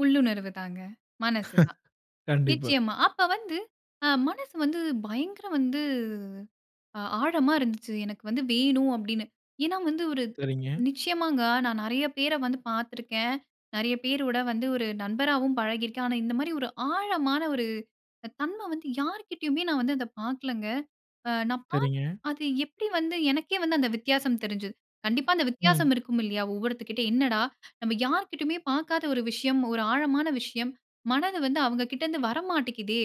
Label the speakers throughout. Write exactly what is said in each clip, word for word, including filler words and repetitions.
Speaker 1: உள்ளுணர்வு தாங்க. மனசு தான்.
Speaker 2: கண்டிப்பா.
Speaker 1: நிச்சயமா. அப்ப வந்து, அ மனசு வந்து பயங்கர வந்து அ ஆழமா இருந்துச்சு. எனக்கு வந்து வேணும் அப்டின்னு! ஏன்னா வந்து ஒரு
Speaker 2: சரிங்க.
Speaker 1: நிச்சயமாங்க. நான் நிறையா பேர வந்து பாத்துருக்கேன். நிறையா பேரோட வந்து ஒரு நண்பராவும் பழகிருக்கேன். ஆனா இந்த மாரி ஒரு ஆழமான ஒரு அ தன்மை வந்து, யார்கிட்டயுமே நான் வந்து அத பாக்கலங்க! அ நான் பாத்து,
Speaker 2: சரிங்க.
Speaker 1: அது எப்டி வந்து எனக்கே வந்து அந்த வித்தியாசம் தெரிஞ்சது. கண்டிப்பா அந்த
Speaker 2: ம்.
Speaker 1: வித்தியாசம் இருக்கும் இல்லையா? ஒவ்வொருத்தர் கிட்ட, "என்னடா நம்ம யார்கிட்டயுமே பாக்காத ஒரு விஷயம், ஒரு ஆழமான விஷயம், மனது வந்து அவுங்ககிட்டருந்து வரமாட்டிக்குதே"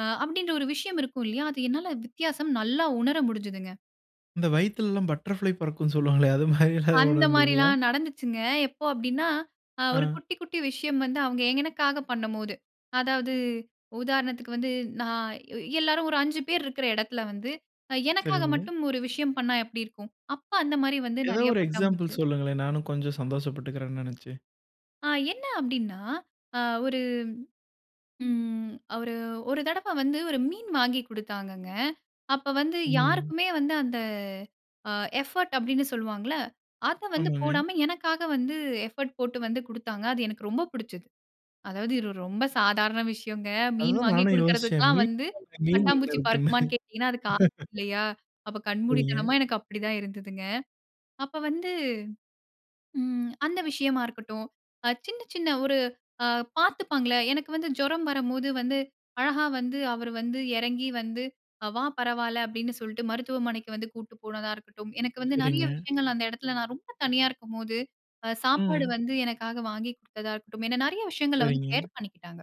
Speaker 1: அ அப்படின்ற ஒரு விஷயம் இருக்கும் இல்லையா, அது என்னால வித்தியாசம் நல்லா உணர முடிஞ்சதுங்க.
Speaker 2: இந்த வயித்துலலாம் பட்டர்ஃபிளை பறக்கும்னு சொல்லுவாங்களே! அது மாரிலாம்
Speaker 1: அந்த
Speaker 2: உணர்ந்தீங்களா?
Speaker 1: மாரிலாம் நடந்துச்சுங்க. எப்போ அப்டின்னா, அ ஒரு
Speaker 2: அ.
Speaker 1: குட்டி குட்டி விஷயம் வந்து அவுங்க எனக்காக பண்ணம்போது, அதாவது, உதாரணத்துக்கு வந்து, நான் எ எல்லாரும், ஒரு அஞ்சு பேர் இருக்கிற எடத்தில வந்து, அ எனக்காக
Speaker 2: சரிங்க.
Speaker 1: மட்டும் ஒரு விஷயம் பண்ணா எப்டி இருக்கும்? அப்ப அந்த மாரி வந்து
Speaker 2: ஏதாவது
Speaker 1: நறையா
Speaker 2: ஒரு
Speaker 1: பட்டாம்
Speaker 2: எக்ஸாம்பிள்
Speaker 1: பூச்சு
Speaker 2: சொல்லுங்களேன். நானும் கொஞ்சம் சந்தோஷப்பட்டுக்கிறேனே நெனச்சு.
Speaker 1: அ என்ன அப்டின்னா, அ ஒரு ம் ஒரு அ ஒரு தடவ வந்து, ஒரு மீன் வாங்கி குடுத்தாங்கங்க. அப்ப வந்து,
Speaker 2: ம்.
Speaker 1: யாருக்குமே வந்து அந்த அ எஃபர்ட் அப்டின்னு சொல்லுவாங்கல்ல! அத வந்து
Speaker 2: ஆமாங்க.
Speaker 1: போடாம, எனக்காக வந்து எஃபர்ட் போட்டு வந்து குடுத்தாங்க. அது எனக்கு ரொம்ப பிடிச்சது. அதாவது இது ஒரு ரொம்ப சாதாரண விஷயங்க. மீன்
Speaker 2: அதுதான்
Speaker 1: வாங்கி
Speaker 2: நானும் யோசிச்சேன்.
Speaker 1: குடுக்கறதுக்குலாம்
Speaker 2: மீன்
Speaker 1: வந்து,
Speaker 2: [unintelligible] மீன் என்ன
Speaker 1: பட்டாம்பூச்சி
Speaker 2: இருக்குன்னு?
Speaker 1: பறக்குமான்னு கேட்டீங்கன்னா, அதுக்கு ஆ [unintelligible] இல்லையா? அப்ப
Speaker 2: சரிங்க.
Speaker 1: கண்மூடித்தனமா எனக்கு அப்டிதான் இருந்ததுங்க. அப்ப வந்து ம். அந்த விஷயமா இருக்கட்டும், அ சின்ன சின்ன ஒரு, அ பாத்துப்பாங்கல! எனக்கு வந்து ஜுரம் வரும்போது வந்து, அழகா வந்து அவரு வந்து எறங்கி வந்து, "வா பரவால்ல" அப்டின்னு சொல்ட்டு, மருத்துவமனைக்கு வந்து கூட்டு போனதா இருக்கட்டும், எனக்கு வந்து
Speaker 2: சரிங்க.
Speaker 1: நிறையா விஷயங்கள் அந்த எடத்துல நான் ரொம்ப தனியா இருக்கும்போது, அ சாப்பாடு
Speaker 2: ம்.
Speaker 1: வந்து எனக்காக வாங்கிக் குடுத்ததா இருக்கட்டும், என்ன நிறையா விஷயங்கள வந்து
Speaker 2: சரிங்க.
Speaker 1: கேர் பண்ணிக்கிட்டாங்க.